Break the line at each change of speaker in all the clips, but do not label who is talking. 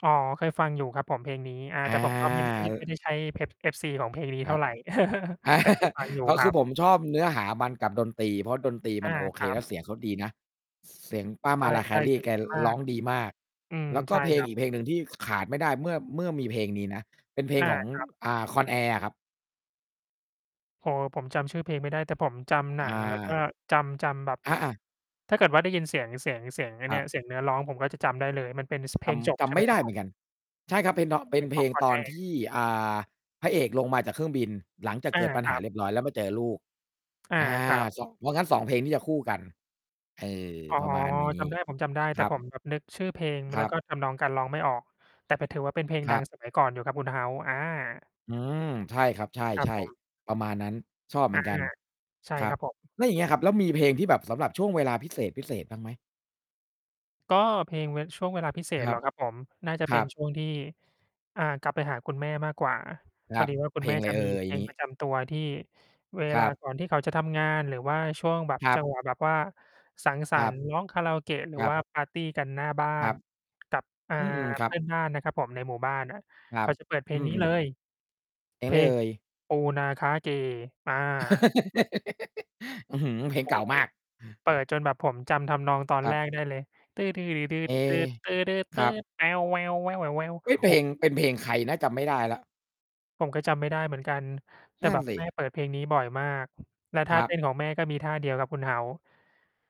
อ๋อ เคยฟังอยู่ครับผม เพลงนี้ อา
อา
แต่ผม ก็ไม่ ด ม
เ
ด ไ
อ
ม่
อ
ได้ ใช่เพ็บ FC ของเพลงนี้
ค
เท
ร
่
ั
า
บ
ไร แต่เคยฟัง อยู่
ก็
ค
ค
รั
ือ
บ
ผมชอบเนื้อหามันกับดนตรี เพราะดนตรี
อ
มั
า
นโอเ
ค
ค
รั
แล้
บ
วเสียงเขาดีนะ ส เสียงป้า
ใ
Mariah
ช่ ๆ เส
Carey
ียง
แก ร
ดีมา
ร้
ก
องดีมาก
อืม
แล้วก
ใช
็
่
เพล
ค
ง
รั
อ
บ
ีกเพลงหนึ่งที่ ข ขาดไม่ได้เมื่อ เมื่อมีเพลงนี้นะ เป็นเพล
อ
ง
า
ของ
ครับ
อ่า Con Air อะครับ
โอ้โฮ ผมจำชื่อเพลงไม่ได้ แต่ผมจำหนัง แล้วก็
อา
จำ จำแบบ
อา ๆ
ถ้าเกิดว่า ได้ยินเสียง เสียง เสียง ไอ้
ค
เน
รั
ี่
บ
ย เสียงเนื้อร้อง ผมก็จะจำได้เลย มันเป็น ส เพ
จ
ลงจบ
ำ จ
ใช่
ำ
ไห
ไ
ม
ม่
ค
ไ
ร
ด
ั
้
บ
เ
ผ
หมื
ม?
อนกัน ใช่ครับ เพ็น ท เป
เ
็
พล
น
ง
เ
ข
พ
อ
ล
ง
ง
Con
ตอนท
Air
ี่ อ่า พระเอกลงมาจากเครื่องบิน หลังจาก
อ
เก
า
ิดปัญ
ค
ห
ร
า
ับ
เรียบร้อย แล้วมาเจอลูก
อา
อา
ครับ
ส เพราะงั้น 2 เพลงนี้จะคู่กัน เออ
อ๋อ
ประมาณนี้
จำได้ ผมจำได้ แ
ค
ต่
รั
ผ
บ
ม แบบนึกชื่อเพลง ม
ค
แ
ร
ล้
ั
ว
บ
ก็ทำนองการร้องไม่ออก แต่เป็น ถือว่า เป็นเพลง
ค
ด
ร
ั
ับ
ง สมัย ก่อนอยู่ครับ คุณ House อา
อืม ใช่ครับ ใ
ครั
ช
บ
่
ผม
ๆ ประมาณนั้น ชอบเห
อ
มื
า
อนกัน
ใช่
ครั
ค
บ
รับผม
แล้วอย่างเงี้ยครับ แล้วมีเพลงที่แบบสำหรับช่วงเวลาพิเศษ ๆ บ้างไหม?
ก็เพลง เวะ ช่วงเวลาพิเศ
ค
ษ
ร
เ
ั
หร
บ
อครับ ผม? น่าจะ
ค
เป
ร
็
ั
น
บ
ช่วงที่ อ่า กลับไปหาคุณแม่มากกว่า
ค
พ
ร
อ
ับ
ดีว่า ค
เ
ุ
พ
ณ
ล
แม่
งไร
จะ
เอ่
มี
ย?
เพ
อย่า
ล
ง
ง
งี
ป
้
ระจำตัวที่เว
ค
ล
ร
า
ับ
ก่อนที่เขาจะทำงาน หรือว่าช่วงแบบ
ครั
จั
บ
งหวะ แบบว่าสังส
ค
ร
รั
รค
บ
์ ร้องคาราโอเกะ หรื
ค
อ
รั
ว
บ
่าปาร์ตีกันหน้าบ้า
ครั
น
บ
กับ อ่า
อือ ๆ คร
เ
ั
พื่
บ
อนบ้านน่ะครับผมในหมู่บ้านน่ะ
คร
เข
ั
า
บ
จะ เปิดเพล
อ
ง
ื
นี้ เ
ม
ล
ๆ
ย
เพล
เ
ง
พ
ไร
ล
เอ
ง
่ย?
"ปูนาขาเก" อา
อื้อฮือ เพลง
โอ้
เก่า
โฮ
มาก
เปิดจนแบบผมจำทำนองตอน
ครั
แร
บ
กได้เลย โอ
เอ ครับ เฮ้ย เพ
้โฮ
ลง เป็นเพลงใครนะ? จำไม่ได้แล้ว
ผมก็จำไม่ได้เหมือนกัน แต่
นั่
แ
น
บบ
สิ
แม่เปิดเพลงนี้บ่อยมาก แล้วท
ค
่า
รั
เต
บ
้นของแม่ก็มีท่าเดียวครับ คุณ House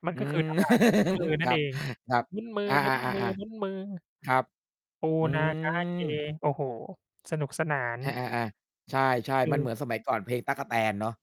มัน
อื
ก็คือ
ม
ท่าหมุน มือนั
ค
่
ร
น
ั
เ
บ
อง
ครับ
หมุนม
อา ๆ
ือ ๆ ๆ
ๆ ๆ ครับ
ปู
อื
นาขาเก
อ
โอ้โฮ สนุกสนาน
อา ๆ ๆ ใ
แต
ช
่
่
ค
ๆ
ื
มันเ
อ
หมือนสมัยก่อน เพลง "ตั๊กแตน" เนาะ